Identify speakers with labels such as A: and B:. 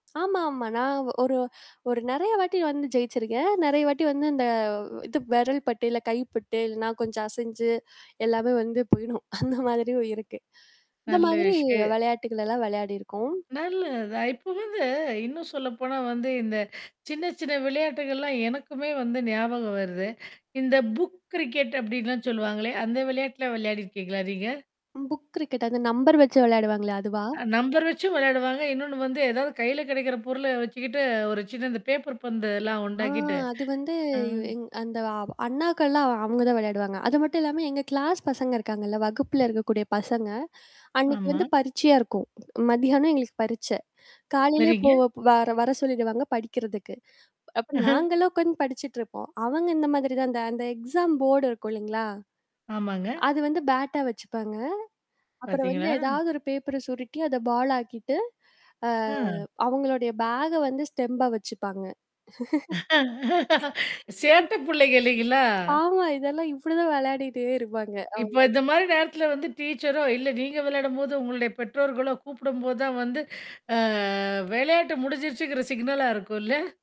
A: ஆமா, ஆமா. நான் ஒரு ஒரு நெறைய வாட்டி வந்து ஜெயிச்சிருக்கேன். நெறைய வாட்டி வந்து இந்த இது விரல் பட்டு, இல்ல கைப்பட்டு, இல்லனா கொஞ்சம் அசஞ்சு, எல்லாமே வந்து போயிடும். அந்த மாதிரியும் இருக்கு. இந்த
B: நல்ல
A: மாதிரி
B: விஷய
A: விளையாட்டுக்கல்லாம் விளையாடியிருக்கோம்.
B: நல்லது தான். இப்போ வந்து இன்னும் சொல்லப்போனா வந்து இந்த சின்ன சின்ன விளையாட்டுகள்லாம், எனக்குமே வந்து ஞாபகம் வருது. இந்த புக் கிரிக்கெட் அப்படின்லாம் சொல்லுவாங்களே, அந்த விளையாட்டுலாம் விளையாடிருக்கீங்களா, நீங்க?
A: புக் கிரிக்கெட், அந்த நம்பர் வச்சு விளையாடுவாங்களே, அதுவா?
B: அ நம்பர் வச்சும் விளையாடுவாங்க. இன்னொன்னு வந்து ஏதாவது கையில கிடைக்கிற பொருள வச்சுக்கிட்டு, ஒரு சின்ன இந்த பேப்பர் பந்துல்லாம்
A: ஆ
B: உண்டாக்கிட்டு
A: அது வந்து,
B: அ.
A: எங் அந்த அண்ணாக்கள்லாம் அவங்க தான் விளையாடுவாங்க. அது மட்டும் இல்லாம எங்க கிளாஸ் பசங்க இருக்காங்கல்ல, வகுப்புல இருக்கக்கூடிய பசங்க. அன்னைக்கு
B: ஆமா.
A: வந்து பரீட்சையா இருக்கும், மதியானம் எங்களுக்கு பரீட்சை. காலையிலேயே போ
B: சரிங்க.
A: வர வர சொல்லிடுவாங்க படிக்கிறதுக்கு. அப்ப நாங்களும் உட்கந்து படிச்சுட்டு இருப்போம். அவங்க இந்த மாதிரி தான் அந்த அந்த எக்ஸாம் போர்டு இருக்கும், இல்லைங்களா?
B: ஆமாங்க.
A: அது வந்து, பேட்டா வச்சுப்பாங்க. அப்புறம் வந்து
B: பாத்தீங்களா?
A: ஏதாவது, ஒரு பேப்பர் சுருட்டி அத பால் ஆக்கிட்டு, அ
B: ம்.
A: அவங்களுடைய பேக்க வந்து ஸ்டெம்பா வச்சுப்பாங்க.
B: சேட்ட புள்ளைங்க இல்லைங்களா?
A: ஆமா. இதெல்லாம் இப்படிதான் விளையாடிட்டே இருப்பாங்க
B: இப்ப
A: அவங்கள்லாம்.
B: இந்த மாரி நேரத்தல வந்து டீச்சரோ, இல்ல நீங்க விளையாடும்போது, உங்களுடைய பெற்றோர்களோ கூப்பிடும்போது தான் வந்து, அ விளையாட்டு முடிஞ்சிருச்சுங்கிற சிக்னலா இருக்கும், இல்ல?